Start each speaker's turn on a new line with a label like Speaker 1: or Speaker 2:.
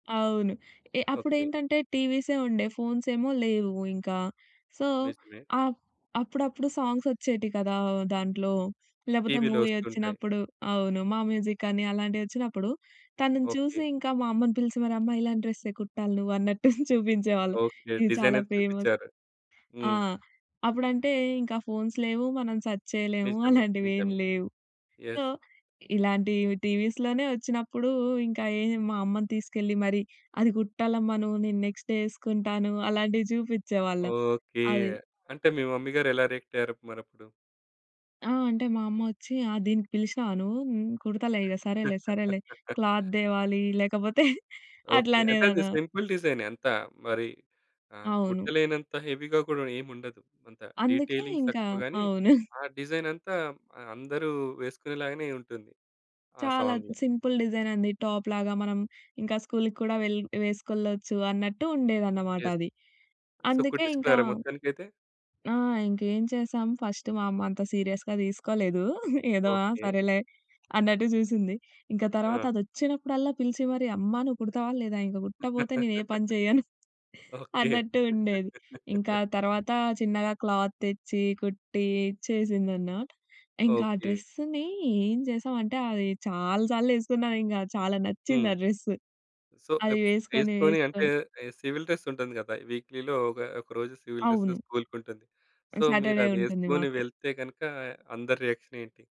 Speaker 1: అవును. ఏ
Speaker 2: ఓకే.
Speaker 1: అప్పుడేంటంటే టీవీసే ఉండే ఫోన్స్ ఏమో లేవు ఇంకా. సో
Speaker 2: నిజమే.
Speaker 1: అపు అప్పుడప్పుడు సాంగ్స్ వచ్చేటివి కదా! దాంట్లో. లేకపోతే
Speaker 2: టీవీ‌లో
Speaker 1: మూవీ
Speaker 2: వస్తుంటాయి.
Speaker 1: వచ్చినప్పుడు అవును. మా మ్యూజికని అలాంటి వచ్చినప్పుడు, తనని
Speaker 2: ఓకే.
Speaker 1: చూసి ఇంకా మా అమ్మని పిలిచి మరి అమ్మా ఇలాంటి డ్రెసే కుట్టాలి నువ్వన్నట్టు చూపించేవాళ్ళం.
Speaker 2: ఓకే.
Speaker 1: ఇది
Speaker 2: డిజైన్
Speaker 1: చాలా
Speaker 2: అయితే
Speaker 1: ఫేమస్
Speaker 2: చూపిచ్చారు.
Speaker 1: ఆ!
Speaker 2: హ్మ్.
Speaker 1: అప్పుడంటే ఇంకా ఫోన్స్ లేవు. మనం సర్చ్ చేయలేము.
Speaker 2: నిజమే.
Speaker 1: అలాంటివేం
Speaker 2: నిజమే.
Speaker 1: లేవు.
Speaker 2: యెస్.
Speaker 1: సో ఇలాంటి టీవీస్‌లోనే వచ్చినప్పుడు ఇంకా ఏం మా అమ్మని తీసుకెళ్ళి, మరి అది కుట్టాలమ్మ నువ్వు నేను నెక్స్టే వేసుకుంటాను అలాంటివి చూపించేవాళ్ళం.
Speaker 2: ఓకే.
Speaker 1: అది.
Speaker 2: అంటే మీ మమ్మీ గారు, ఎలా రియాక్ట్ అయ్యారు మరప్పుడు?
Speaker 1: ఆ! అంటే మా అమ్మోచ్చి, ఆ! దీనికి పిలిచినావా నువ్వు. హ్మ్, కుడతాలే ఇక సరేలే సరేలే క్లాత్ తేవాలి లేకపోతే
Speaker 2: ఓకే. అంటే అది
Speaker 1: అట్లానేదానా
Speaker 2: సింపుల్ డిజైనే అంతా మరి ఆహ్,
Speaker 1: అవును.
Speaker 2: కుట్టలేనంత హెవీ‌గా కూడా ఏముండదు. అంత
Speaker 1: అందుకే
Speaker 2: డీటెయిలింగ్
Speaker 1: ఇంక
Speaker 2: తక్కువ గాని,
Speaker 1: అవును.
Speaker 2: ఆ డిజైన్ అంతా అందరూ వేసుకునేలాగానే ఉంటుంది, ఆ
Speaker 1: చాలా
Speaker 2: సాంగ్‌లో.
Speaker 1: సింపుల్ డిజైన్ అండి. టాప్‌లాగా మనం ఇంకా స్కూల్‌‌కి కూడా వెల్ వేసుకెళ్ళచ్చు అన్నట్టు ఉండేదన్నమాట
Speaker 2: యెస్.
Speaker 1: అది.
Speaker 2: సో,
Speaker 1: అందుకే ఇంకా
Speaker 2: కుట్టించుకున్నారా మొత్తానికైతే?
Speaker 1: ఆ! ఇంకేం చేసాం ఫస్ట్ మా అమ్మ అంత సీరియస్‌గా తీసుకోలేదు. ఏదో ఆ
Speaker 2: ఓకే.
Speaker 1: సరేలే అన్నట్టు చూసింది. ఇంకా తర్వాత
Speaker 2: ఆ!
Speaker 1: అది వచ్చినప్పుడల్లా పిలిచి మరి అమ్మ నువ్వు కుడతావా లేదా ఇంకా కుట్టకపోతే నేనేపని చేయను.
Speaker 2: ఓకే.
Speaker 1: అన్నట్టు ఉండేది. ఇంకా తర్వాత చిన్నగా క్లాత్ తెచ్చి, కుట్టి ఇచ్చేసిందన్న. ఇంకా ఆ
Speaker 2: ఓకే.
Speaker 1: డ్రెస్సుని ఏం చేసామంటే అది చాలా సార్లు వేసుకున్నాం ఇంకా చాలా నచ్చింది
Speaker 2: హ్మ్.
Speaker 1: ఆ డ్రెసు.
Speaker 2: సో
Speaker 1: అది
Speaker 2: ఎపు
Speaker 1: వేసుకొని
Speaker 2: వేసుకొని అంటే
Speaker 1: వేసుకొని
Speaker 2: సివిల్ డ్రెస్ ఉంటుంది కదా! వీక్‌లీలో ఒక ఒక రోజు సివిల్ డ్రెస్
Speaker 1: అవును.
Speaker 2: స్కూల్‌కి ఉంటుంది. సో,
Speaker 1: సాటర్డే ఉంటుంది
Speaker 2: మీరదేసుకొని
Speaker 1: మాకు.
Speaker 2: వెళ్తే గనుక అందరి రియాక్షన్ ఏంటి?